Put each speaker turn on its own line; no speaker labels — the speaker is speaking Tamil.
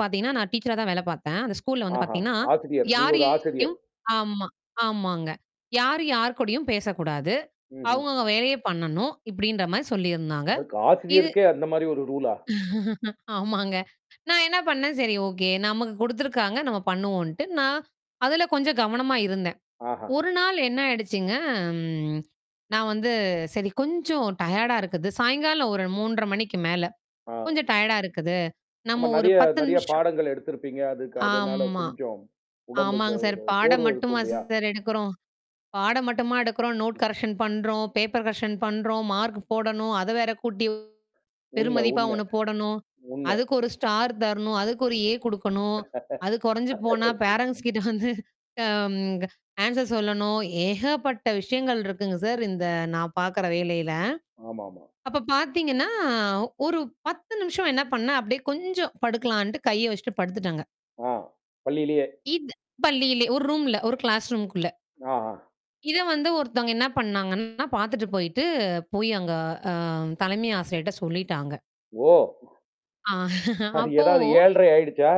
பாத்தீங்கன்னா நான் டீச்சரா தான் வேல பார்த்தேன். அந்த ஸ்கூல்ல வந்து
ஆஹா!
பாத்தீங்கன்னா,
ஆசிரியர். நீங்க ஒரு ஆசிரியர்.
யாரையும் ஆமா, ஆமாங்க. யாரும் யார்க்கூடயும் பேசக் கூடாது.
ம்ஹ்ம்.
அவுங்க அவங்க வேலைய பண்ணனும். இப்பிடின்றமாரி சொல்லி இருந்தாங்க.
யாருக்கு?
இது
ஆசிரியருக்கே அந்த மாதிரி ஒரு ரூலா?
ஆமாங்க. நான் என்ன பண்ணேன். சரி, ஓகே. நமக்குக் குடுத்திருக்காங்க. நம்ம பண்ணுவோன்ட்டு, நான் அதுல கொஞ்சம் கவனமா இருந்தேன்.
ஆஹா!
ஒரு நாள் என்ன ஆயிடுச்சுங்க ம் நான் வந்து, சரி கொஞ்சம் டயர்டா இருக்குது. சாயங்காலம் ஒரு 3:30 மணிக்கு மேல
ஆ.
கொஞ்சம் டயர்டா இருக்குது.
ஆமா
நம்ம ஒரு
நிறைய,
10
நிறைய
நிமிஷம்
பாடங்கள் எடுத்திருப்பீங்க. அதுக்கு அதனால
ஆம்மா.
கொஞ்சம் உடம்பு
ஆமாங்க சார்.
ஒரு
பாடம்
சோர்வு இருக்கும்
மட்டுமா
இல்லயா!
சார் எடுக்குறோம்? பாடம் மட்டுமா எடுக்குறோம்? நோட் கரெக்ஷன் பண்றோம். பேப்பர் கரெக்ஷன் பண்றோம். மார்க் போடணும். அத வேற கூட்டி
உண்மை,
பெருமதிப்பா
உண்மை.
ஒண்ணு போடணும்.
உண்மை.
அதுக்கு ஒரு ஸ்டார் தரணும். அதுக்கு ஒரு ஏ குடுக்கணும். அது குறைஞ்சு போனா,
[unintelligible]
ஃபேரண்ட்ஸ்க்கிட்ட வந்து அம் க ஆன்ஸர் சொல்லணும். ஏகப்பட்ட விஷயங்கள் இருக்குங்க சார், இந்த நான் பாக்குற வேலையில.
ஆமாமா.
அப்பப் பாத்தீங்கன்னா, ஒரு 10 நிமிஷம் என்ன பண்ணேன். அப்பிடியே கொஞ்சம் படுக்கலான்ட்டு, கைய வச்சிட்டு படுத்துட்டாங்க.
ஆ. பள்ளியிலயே!
இது பள்ளியிலே, ஒரு ரூம்ல. ஒரு கிளாஸ் ரூம்க்குள்ள
ஆஹா!
இத வந்து ஒருத்தங்க என்ன பண்ணாங்கன்னா, பாத்துட்டு போயிட்டு, போய் அங்க அ தலைமை ஆசிரியர்ட்ட சொல்லிட்டாங்க.
ஓ!
அ
அது
அப்போ
எதாவது 7 1/2 ஆயிடுச்சா?